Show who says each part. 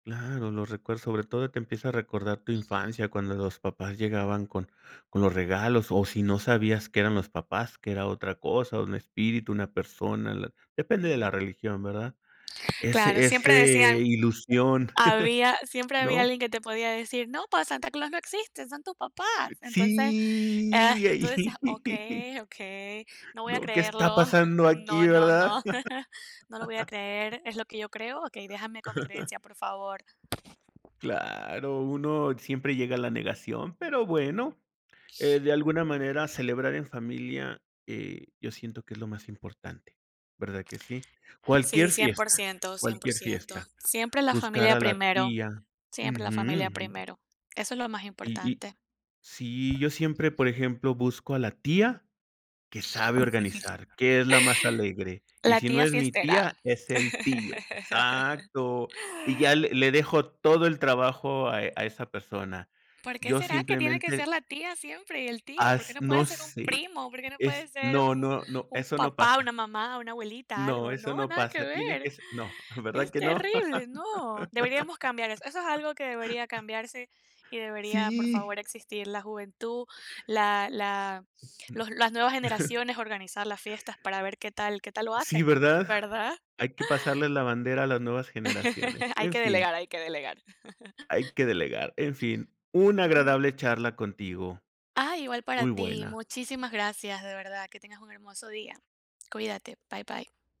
Speaker 1: Claro, lo recuerdo, sobre todo te empieza a recordar tu
Speaker 2: [unintelligible]
Speaker 1: infancia cuando los papás llegaban con con los regalos o si no sabías que eran los papás, que era otra cosa, un espíritu, una persona, la depende de la religión, ¿verdad?
Speaker 2: Claro,
Speaker 1: Ese ese
Speaker 2: siempre decían
Speaker 1: ilusión,
Speaker 2: había siempre había
Speaker 1: ¿no?
Speaker 2: alguien que te podía decir: "No, pues Santa Claus no existe, son tus papás". Entonces, eh,
Speaker 1: Sí,
Speaker 2: y tú
Speaker 1: ahí,
Speaker 2: decías: "Okey, okey, no voy a
Speaker 1: no, ¿qué está
Speaker 2: creerlo.
Speaker 1: pasando aquí,
Speaker 2: No, no,
Speaker 1: verdad?
Speaker 2: no. No lo voy a creer, es lo que yo creo. Okey, déjame con mi creencia, por favor".
Speaker 1: Claro, uno siempre llega a la negación, pero bueno, eh, de alguna manera celebrar en familia, eh, yo siento que es lo más importante, ¿verdad que sí? Cualquier
Speaker 2: Sí, cien por
Speaker 1: fiesta,
Speaker 2: ciento, cien por
Speaker 1: cualquier
Speaker 2: ciento.
Speaker 1: fiesta,
Speaker 2: Siempre la
Speaker 1: buscar
Speaker 2: familia
Speaker 1: a la
Speaker 2: primero
Speaker 1: tía
Speaker 2: siempre la familia
Speaker 1: Ujú.
Speaker 2: primero. Eso es lo más
Speaker 1: Y y
Speaker 2: importante.
Speaker 1: sí, yo siempre, por ejemplo, busco a la tía que sabe organizar, que es la más alegre, y
Speaker 2: La
Speaker 1: si no
Speaker 2: tía
Speaker 1: es mi
Speaker 2: fiestera.
Speaker 1: tía, es el tío, exacto, y ya le le dejo todo el trabajo a a esa persona,
Speaker 2: ¿Por qué
Speaker 1: yo
Speaker 2: será que tiene que ser
Speaker 1: simplemente
Speaker 2: la tía siempre y el tío? ¿Por qué
Speaker 1: Has
Speaker 2: no puede
Speaker 1: no
Speaker 2: ser un
Speaker 1: sé.
Speaker 2: primo? ¿Por qué no puede
Speaker 1: Es
Speaker 2: ser
Speaker 1: no,
Speaker 2: un
Speaker 1: no, no,
Speaker 2: un
Speaker 1: eso no
Speaker 2: papá, una
Speaker 1: pasa.
Speaker 2: mamá, una abuelita,
Speaker 1: No,
Speaker 2: algo?
Speaker 1: eso
Speaker 2: No,
Speaker 1: no
Speaker 2: nada que
Speaker 1: pasa, tiene que
Speaker 2: ver.
Speaker 1: s no, ¿verdad
Speaker 2: Es
Speaker 1: que no?
Speaker 2: terrible, no. Deberíamos cambiar eso. Eso es algo que debería cambiarse y debería, por favor,
Speaker 1: Sí.
Speaker 2: existir la juventud, la la los las nuevas generaciones organizar las fiestas para ver qué tal qué tal lo
Speaker 1: Sí,
Speaker 2: hacen,
Speaker 1: ¿verdad?
Speaker 2: ¿verdad?
Speaker 1: Hay que pasarle la bandera a las nuevas generaciones,
Speaker 2: Hay
Speaker 1: en
Speaker 2: que
Speaker 1: fin.
Speaker 2: delegar, hay que delegar.
Speaker 1: Hay que delegar, en fin, una agradable charla contigo,
Speaker 2: Ah, igual para
Speaker 1: muy
Speaker 2: ti.
Speaker 1: buena.
Speaker 2: Muchísimas gracias, de verdad. Que tengas un hermoso día. Cuídate. Bye, bye